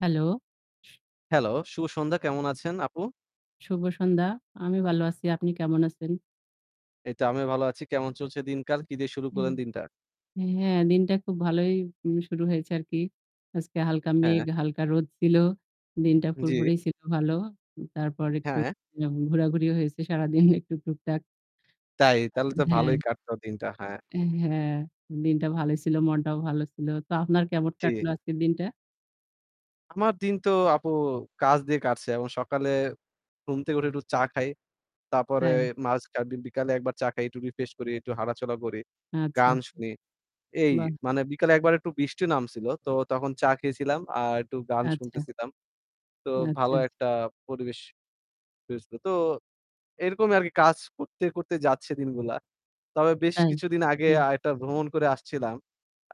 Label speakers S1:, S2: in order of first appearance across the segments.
S1: Hello শু
S2: hello. শুভ সন্ধ্যা কেমন আছেন আপু?
S1: শুভ সন্ধ্যা, আমি ভালো আছি। আপনি কেমন আছেন?
S2: এইতো আমিও ভালো আছি। কেমন চলছে দিনকাল কি দিয়ে শুরু
S1: হুম
S2: করলেন দিনটা?
S1: উ হ্যাঁ দিনটা খুব ভালোই উম শুরু হয়েছে আরকি। আজকে হালকা মেঘ,
S2: হ্যাঁ।
S1: হালকা রোদ ছিল। দিনটা
S2: জ্বী।
S1: ফুরফুরেই ছিল ভালো। তারপর একটু
S2: হ্যাঁ।
S1: ঘোরাঘুরিও হয়েছে সারাদিন একটু টুকটাক।
S2: তাই? তাহলে তো
S1: হ্যাঁ।
S2: ভালোই কাটতো দিনটা। হ্যাঁ।
S1: হ্যাঁ। দিনটা ভালো ছিল। মনটাও ভালো ছিল। তো আপনার কেমন
S2: জ্বি।
S1: কাটলো আজকের দিনটা?
S2: আমার দিন তো আপু কাজ দিয়ে কাটছে এবং সকালে ঘুম থেকে উঠে একটু চা খাই। তারপরে
S1: তাই?
S2: মাঝ কা বি বিকালে একবার চা খাই একটু রিফ্রেশ করি, একটু হাটাচলা করি,
S1: আচ্ছা।
S2: গান শুনি। এই
S1: বাহ!
S2: মানে বিকালে ১ বার একটু বৃষ্টি নামছিল। তো তখন চা খেয়েছিলাম আর একটু গান
S1: আচ্ছা।
S2: শুনতেছিলাম। তো
S1: আচ্ছা,
S2: ভালো
S1: আচ্ছা।
S2: একটা পরিবেশ হয়েছিল। তো এরকমই আরকি কাজ করতে, করতে যাচ্ছে দিনগুলা। তবে বেশ
S1: তাই?
S2: কিছুদিন আগে
S1: হুম।
S2: আ একটা ভ্রমণ করে আসছিলাম।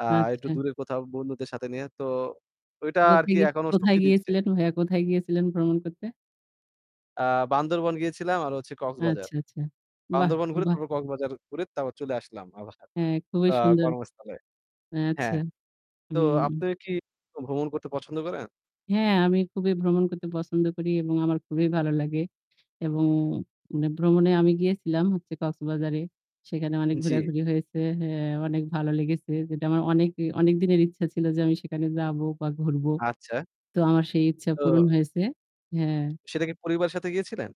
S2: অ্যাঁ একটু
S1: আচ্ছা।
S2: দূরে কোথাও বন্ধুদের সাথে নিয়ে তো ঐটা আরকি
S1: কোথেকে কোথায়?
S2: এখনো
S1: কোথায়
S2: শক্তি দিচ্ছে।
S1: গিয়েছিলেন ভাইয়া কোথায় গিয়েছিলেন ভ্রমণ করতে?
S2: অ্যাঁ বান্দরবন গিয়েছিলাম আর হচ্ছে কক্সবাজার।
S1: আচ্ছা, আচ্ছা। বাহ,
S2: বান্দরবন ঘুরে
S1: বাহ।
S2: তারপর কক্সবাজার ঘুরে তারপর চলে আসলাম আবার
S1: হ্যাঁ খুবই
S2: তো অ্যাঁ
S1: সুন্দর।
S2: কর্মস্থলে
S1: আচ্ছা,
S2: হ্যাঁ। তো
S1: হুম।
S2: আপনারা কি ভ্রমণ করতে পছন্দ করেন?
S1: হ্যাঁ আমি খুবই ভ্রমণ করতে পছন্দ করি এবং আমার খুবই ভালো লাগে। এবং মানে ভ্রমণে আমি গিয়েছিলাম হচ্ছে কক্সবাজারে। সেখানে অনেক
S2: জ্বি।
S1: ঘোরাঘুরি হয়েছে। অ্যাঁ অনেক ভালো লেগেছে। যেটা আমার অনেক অনেকদিনের ইচ্ছা ছিল যে আমি সেখানে যাবো বা ঘুরবো।
S2: আচ্ছা।
S1: তো আমার সেই ইচ্ছা পূরণ
S2: তো
S1: হয়েছে হ্যাঁ।
S2: সেটা কি পরিবারের সাথে গিয়েছিলেন?